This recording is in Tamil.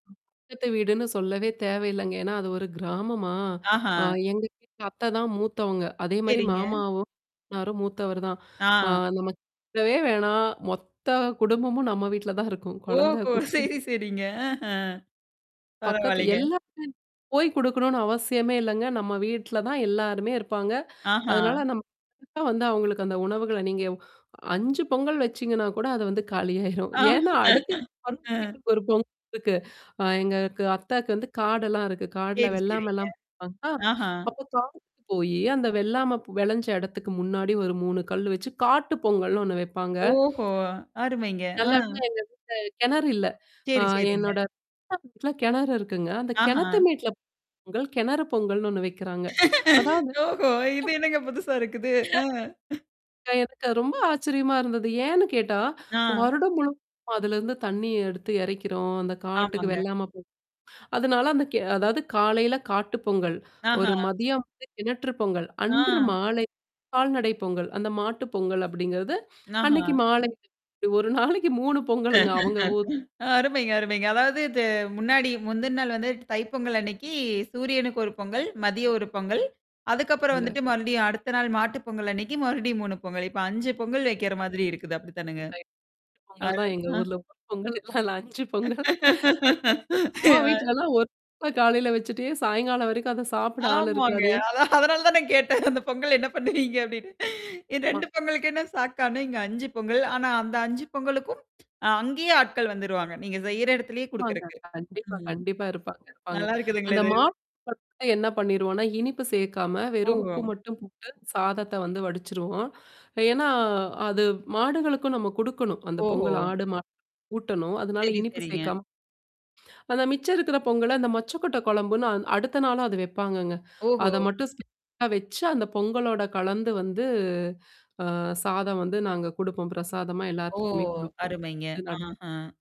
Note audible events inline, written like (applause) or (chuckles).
பக்கத்து வீடுன்னு சொல்லவே தேவயில்லைங்க. ஏன்னா அது ஒரு கிராமமா, ஆஹா. அ எங்க வீட்டு அத்தை தான் மூத்தவங்க. அதே மாரி சரிங்க. மாமாவும். மாமன்னாரும் மூத்தவர் தான். ஆ ஆ. நம்ம கேட்கவே வேணாம். மொத்த குடும்பமும் நம்ம வீட்ல தான் இருக்கும். குழந்த, ஓஹோ! குட்டி சரி, சரிங்க. ஆஹ. பக்கத்து பரவால்லங்க. எல்லாமே போய் குடுக்கணும்னு அவசியமே இல்லங்க. நம்ம வீட்ல தான் எல்லாருமே இருப்பாங்க. ஆஹா. அதனால நம்ம (unintelligible) வந்து அவங்களுக்கு அந்த உணவுகள நீங்க 5 பொங்கல் வச்சீங்கன்னா கூட, அத வந்து காலியாயிரும். ஆ. (chuckles) ஏன்னா அடுத்த ஆ. (unintelligible) ஒரு பொங்கல் இருக்கு. அ எங்களுக்கு அத்தக்கு வந்து காடெல்லாம் இருக்கு. காடுல சரி, சரிங்க. வெள்ளாமைலாம் பாப்பாங்களா! ஆஹா. அப்ப காட்டுக்கு போயி, அந்த வெள்ளாம வெளஞ்ச இடத்துக்கு முன்னாடி ஒரு 3 கல் வச்சு, காட்டு பொங்கல்ன்னு ஒண்ணு வைப்பாங்க. ஓஹோ! அருமைங்க. ஆ. நல்லவேள எங்க வீட்ல கிணறு இல்ல. அ சரி, சரிங்க. என்னோட (unintelligible) கிணறு இருக்குங்க. அந்த ஆஹா. கிணத்த மேட்ல பொங்கல், கிணறு பொங்கல்ன்னு ஒண்ணு வைக்கிறாங்க. அதாவது ஓஹோ! இது ட்ப் என்னங்க புதுசா இருக்குது? அ. (laughs) அ எனக்கு ரொம்ப ஆச்சரியமா இருந்தது. ஏன்னு கேட்டா, ஆ. வருடம் முழுவதும் அதுலருந்து தண்ணீ எடுத்து எறைக்கிறோம். அந்த காட்டுக்கு ஆமாங்க. வெள்லாம போ அதனால அந்த கே அதாவது காலையில காட்டு பொங்கல், ஆஹா. ஒரு மதியம் வந்து கிணற்று பொங்கல், ஆ. அன்று மாலை கால்நடை பொங்கல். அந்த மாட்டு பொங்கல் அப்டிங்கிறது, அன்னைக்கு ஆஹா மாலைக்கு. இப்டி ஒரு நாளைக்கு 3 பொங்கலுங்க, அவங்க ஊர் அருமைங்க, அருமைங்க. அதாவது, இது முன்னாடி முந்தின நாள் வந்து தைப்பொங்கல் அன்னைக்கு சூரியனுக்கு ஒரு பொங்கல், மதிய ஒரு பொங்கல். அதுக்கப்புறம் இல்ல. வந்துட்டு மறுபடியும் அடுத்த நாள் மாட்டு பொங்கல் அன்னைக்கு மறுபடியும் 3 பொங்கல். இப்ப 5 பொங்கல் வைக்கிற மாதிரி இருக்குது அப்டித்தானங்க? அ (unintelligible) அ, பொங்கல் தான் எங்க ஆ. ஊர்ல (unintelligible) பொங்கல், இல்ல 5 பொங்கல். அம்மா (laughs) வீட்லல்லாம் ஒரு (unintelligible) காலையில வச்சுட்டே சாயங்காலம் வரைக்கும் அத சாப்பிட ஆள் ஆமாங்க. இருக்காதே. அதான், அதனால தான் நான் கேட்டேன். அந்த பொங்கல் என்ன பண்ணுவீங்க அப்டின்னு. இ அமா. 2 பொங்கலுக்கே நான் ஷாக்கானேன் இங்க 5 பொங்கல். ஆனா அந்த 5 பொங்கலுக்கும் அ அங்கேயே ஆட்கள் வந்துருவாங்க. நீங்க செய்ற இடத்திலேயே ஆமாங்க. குடுக்குறக்கு. கண்டிப்பா, ம். கண்டிப்பா. இருப்பாங்க, இருப்பாங்க. நல்லா இருக்குதுங்களே அந்த இது. மாட (unintelligible) என்ன பண்ணிருவோம்னா, இனிப்பு சேர்க்காம வெறும் உப்பு ஓஹோ! மட்டும் போட்டு, சாதத்த வந்து வடிச்சுருவோம். ஏன்னா, அது மாடுகளுக்கும் நம்ம குடுக்கணும். அந்த ஓஹோ! பொங்கல் ஆடு மாடு (unintelligible) ஊட்டணும். அதனால சரி, இனிப்பு சரிங்க. சேர்க்காம அந்த மிச்ச இருக்கிற பொங்கல அந்த மொச்சை கொட்டை கொழம்புன்னு அ அடுத்த நாளும் அது வைப்பாங்கங்க. ஓஹோ! அத மட்டும் (unintelligible) அத வச்சு அந்த பொங்கலோட கலந்து வந்து அ சாதம் வந்து நாங்க குடுப்போம். பிரசாதமா ஓ! எல்லாத்துக்குமே குடுப்போம். அருமைங்க. (unintelligible) ஆஹா.